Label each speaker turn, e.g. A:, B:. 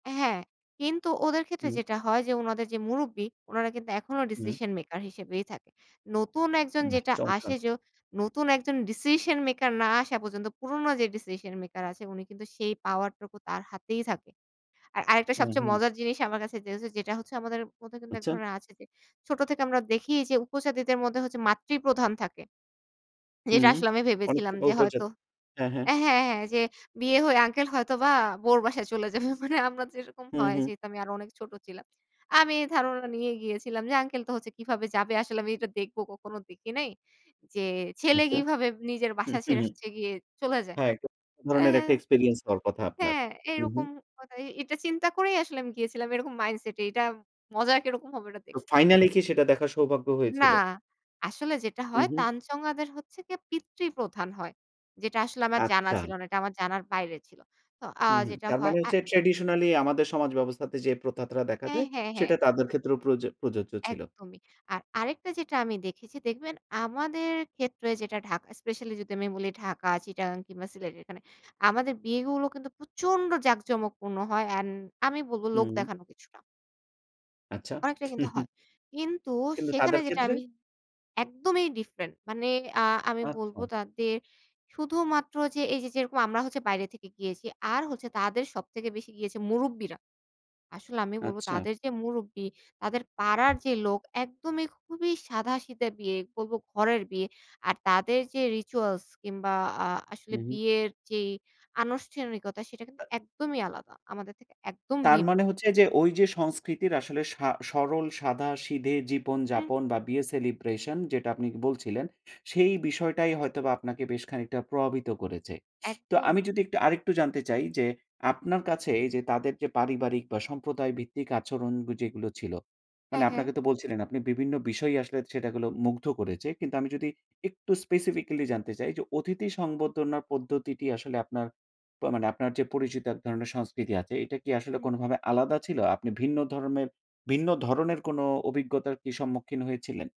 A: হ্যাঁ। কিন্তু ওদের ক্ষেত্রে
B: হুম।
A: যেটা হয় যে, ওনাদের যে মুরুব্বি, ওনারা কিন্তু এখনও
B: হু।
A: ডিসিশন মেকার হিসেবেই থাকে। নতুন একজন
B: হু,
A: যেটা
B: চমৎকার!
A: আসে য নতুন একজন ডিসিশন মেকার না আসা পর্যন্ত, পুরোনো যে ডিসিশন মেকার আছে, উনি কিন্তু সেই পাওয়ারটুকু তার হাতেই থাকে। আর আরেকটা
B: হু,
A: সবচেয়ে
B: হু।
A: মজার জিনিস আমার কাছে যে হচ্ছে যেটা হচ্ছে, আমাদের মধ্যে কিন্তু এক
B: আচ্ছা।
A: ধরনের আছে যে, ছোটো থেকে আমরা দেখি যে উপজাতিদের মধ্যে হচ্ছে মাতৃপ্রধান থাকে। যেটা
B: হুম।
A: আসলে আমি
B: অনেক
A: ভেবেছিলাম যে হয়তো
B: [unintelligible] হ্যাঁ, হ্যাঁ।
A: হ্যাঁ, হ্যাঁ। যে বিয়ে হয়ে আঙ্কেল হয়তো বা বউর বাসায় চলে যাবে। মানে আমরা যেরকম
B: হু,
A: হয়।
B: হু।
A: যেহেতু, আমি আরো অনেক ছোট ছিলাম। আমি এই ধারণা নিয়েই গিয়েছিলাম। যে আঙ্কেল তো হচ্ছে কিভাবে যাবে? আসলে আমি এটা দেখবো। কখনো দেখি নাই। যে ছেলে
B: আচ্ছা।
A: কিভাবে নিজের
B: হু,
A: বাসা
B: হু,
A: ছেড়ে
B: হু।
A: হচ্ছে গিয়ে চলে যায়?
B: হ্যাঁ। [unintelligible]
A: অ্যা
B: ধরনের একটা
A: হ্যাঁ
B: এক্সপেরিয়েন্স হওয়ার কথা আপনার।
A: হ্যাঁ,
B: হু, হু।
A: এরকম কথাই এটা চিন্তা করেই আসলে আমি গিয়েছিলাম। এরকম মাইন্ড সেট এ। এটা মজার কেরকম হবে এটা দেখ
B: তো ফাইনালই কি সেটা দেখার সৌভাগ্য
A: না।
B: হয়েছিল?
A: আসলে যেটা
B: হু,
A: হয়,
B: হু।
A: তঞ্চঙ্গ্যাদের হচ্ছে গিয়ে পিতৃপধান হয়। যেটা আসলে আমার জানা ছিল
B: আচ্ছা।
A: না। এটা আমার জানার বাইরে ছিল। তো অ্যা
B: হু, হু।
A: যেটা
B: তার
A: হয়
B: মানে
A: আ
B: হচ্ছে, ট্র্যাডিশনালি আমাদের সমাজ ব্যবস্থাতে যে প্রথাটা দেখা
A: হ্যাঁ,
B: যায়।
A: হ্যাঁ, হ্যাঁ।
B: সেটা তাদের ক্ষেত্রেও প্রযো প্রযোজ্য ছিল।
A: একদমই। আর আরেকটা যেটা আমি দেখেছি। দেখবেন আমাদের ক্ষেত্রে যেটা ঢাকা স্পেশালই যদি আমি বলি ঢাকা, চিটাগাং কিংবা সিলেট এখানে, আমাদের বিয়েগুলো কিন্তু প্রচন্ড জাঁকজমকপূর্ণ হয়। অ্যান্ড আমি বলব লোক
B: হু।
A: দেখানো কিছুটা
B: আচ্ছা।
A: অনেকটা কিন্তু হয়। কিন্তু,
B: কিন্তু
A: সেখানে
B: তাদের
A: যেটা
B: ক্ষেত্রে?
A: আমি একদমই ডিফারেন্ট। মানে অ্যা আমি বলবো
B: আচ্ছা।
A: তাদের শুধুমাত্র যে, এইযে যেরকম আমরা হচ্ছে বাইরে থেকে গিয়েছি, আর হচ্ছে তাদের সবথেকে বেশি গিয়েছে মুরুব্বিরা। আসলে আমি বলবো
B: আচ্ছা।
A: তাদের যে মুরুব্বি, তাদের পাড়ার যে লোক একদমই খুবই সাদাসিধা বিয়ে বলব। ঘরের বিয়ে। আর তাদের যে রিচুয়ালস কিংবা অ্যা আসলে
B: হু, হু।
A: বিয়ের যেই আনুষ্ঠানিকতা সেটা কিন্তু
B: আ
A: একদমই আলাদা। আমাদের থেকে একদম
B: তার
A: ভিন্ন।
B: মানে হচ্ছে যে, ওইযে সংস্কৃতির আসলে সা সরল সাদাসিধে জীবন
A: হুম, হু।
B: যাপন বা বিয়ে সেলিব্রেশন। যেটা আপনি বলছিলেন। সেই বিষয়টাই হয়তোবা আপনাকে বেশ খানিকটা প্রভাবিত করেছে। তো আমি
A: একদম।
B: যদি একটু আরেকটু জানতে চাই যে, আপনার কাছে এইযে তাদের যে পারিবারিক বা সম্প্রদায় ভিত্তিক আচরণ যেগুলো ছিল। মানে
A: হ্যাঁ, হ্যাঁ।
B: আপনাকে তো বলছিলেন। আপনি বিভিন্ন বিষয় আসলে সেটা গুলো মুগ্ধ করেছে। কিন্তু আমি যদি একটু স্পেসিফিকালি জানতে চাই যে, অতিথি সংবর্ধনার পদ্ধতিটি আসলে আপনার প মানে আপনার যে পরিচিত এক ধরনের সংস্কৃতি আছে। এটা কি আসলে
A: হু।
B: কোনোভাবে আলাদা ছিল? আপনি ভিন্ন ধরনের ভিন্ন ধরনের কোনো অভিজ্ঞতার কি সম্মুখীন হয়েছিলেন?